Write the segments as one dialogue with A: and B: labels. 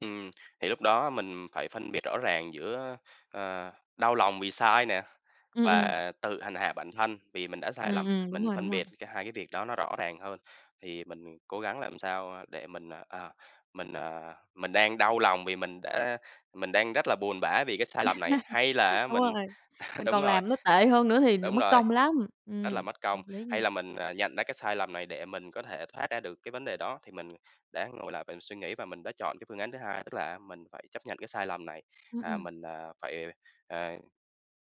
A: Ừm, thì lúc đó mình phải phân biệt rõ ràng giữa, ờ, đau lòng vì sai nè,
B: Ừm, ừm.
A: và tự hành hạ bản thân vì mình đã sai
B: Ừm,
A: lầm.
B: ừm, đúng
A: Mình
B: rồi, đúng
A: phân
B: rồi.
A: biệt cái hai cái việc đó nó rõ ràng hơn, thì mình cố gắng làm sao, a, để mình, à, mình, à, mình đang đau lòng vì mình đã mình đang rất là buồn bã vì cái sai lầm này, hay là á
B: Đúng
A: mình
B: rồi, mình
A: đúng
B: còn
A: rồi.
B: làm nó tệ hơn nữa thì m
A: Đúng
B: mất
A: rồi,
B: công lắm.
A: rất là
B: Ừm,
A: mất công.
B: hợp lý nha.
A: Hay là mình, à, nhận ra cái sai lầm này để mình có thể thoát ra được cái vấn đề đó. Thì mình đã ngồi lại và suy nghĩ và mình đã chọn cái phương án thứ hai, tức là á, mình phải chấp nhận cái sai lầm này,
B: Ừm,
A: à,
B: ừm.
A: mình, à, phải, à,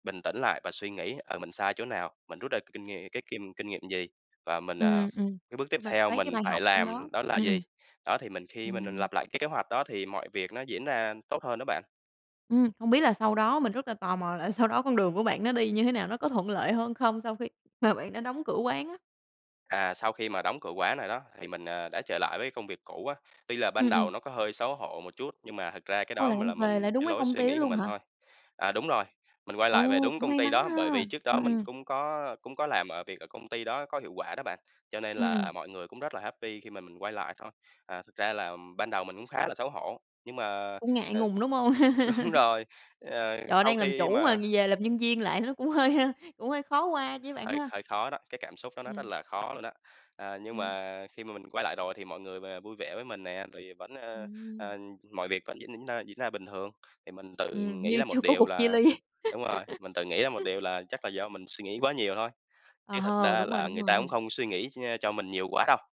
A: bình tĩnh lại và suy nghĩ, ờ, mình sai chỗ nào, mình rút ra kinh ngh cái kim kinh nghiệm gì, và mình, à,
B: Ừm, ừm,
A: cái bước tiếp
B: chung là
A: theo
B: lấy cái
A: mình
B: bài
A: phải
B: học trong đó,
A: làm đó là
B: ừm,
A: gì.
B: ừm.
A: Đó, thì mình khi mình mình
B: Ừm.
A: lặp lại cái kế hoạch đó thì mọi việc nó diễn ra tốt hơn đó bạn.
B: Ừm, hông biết là sau đó, mình rất là tò mò, là sau đó con đường của bạn nó đi như thế nào? Nó có thuận lợi hơn không sau khi mà bạn đã đóng cửa quán á?
A: À, sau khi mà đóng cửa quán này đó, thì mình, à, đã trở lại với công việc cũ á, tuy là ban
B: Ừm, ừm.
A: đầu nó có hơi xấu hổ một chút, nhưng mà thực ra cái
B: Ôi,
A: đó
B: là
A: mình
B: bạn
A: là
B: về
A: mình
B: lại đúng
A: cái
B: cái
A: lối
B: công
A: suy
B: ty đó
A: nghĩ của
B: luôn
A: mình
B: hả?
A: thôi. À, đúng rồi, mình quay lại về
B: Ồ,
A: đúng
B: cũng
A: công
B: may
A: ty
B: mắn
A: đó,
B: ha,
A: bởi vì trước đó
B: ừm,
A: mình
B: ừm.
A: cũng có cũng có làm ở việc ở công ty đó có hiệu quả đó bạn, cho nên
B: Ừm, ừm.
A: là mọi người cũng rất là happy khi mà mình quay lại thôi. À, thực ra là ban đầu mình cũng khá là xấu hổ, nhưng mà,
B: Cũng ngại
A: ờ
B: ngùng, đúng hông?
A: đúng rồi, ờ,
B: Trời ơi,
A: sau
B: đang làm
A: khi
B: chủ mà
A: mà
B: gi về làm nhân viên lại nó cũng hơi hơi cũng hơi khó qua chứ bạn
A: Hơi
B: ha?
A: hơi khó đó, cái cảm xúc đó nó rất
B: Ừm.
A: là khó luôn đó, ờ, nhưng
B: Ừm.
A: mà khi mà mình quay lại rồi thì mọi người v vui vẻ với mình nè, rồi vẫn, ờ,
B: Ừm.
A: ờ, mọi việc vẫn diễn diễn ra diễn ra bình thường, thì mình tự
B: Ừm,
A: nghĩ
B: như
A: ra
B: chưa
A: một
B: có
A: điều
B: cuộc chia
A: là
B: ly.
A: đúng rồi, mình tự nghĩ ra một điều là chắc là do mình suy nghĩ quá nhiều thôi,
B: Ờ
A: chứ thật
B: hừ,
A: ra
B: đúng rồi,
A: là
B: đúng
A: người ta cũng
B: rồi.
A: không suy nghĩ nh cho mình nhiều quá đâu.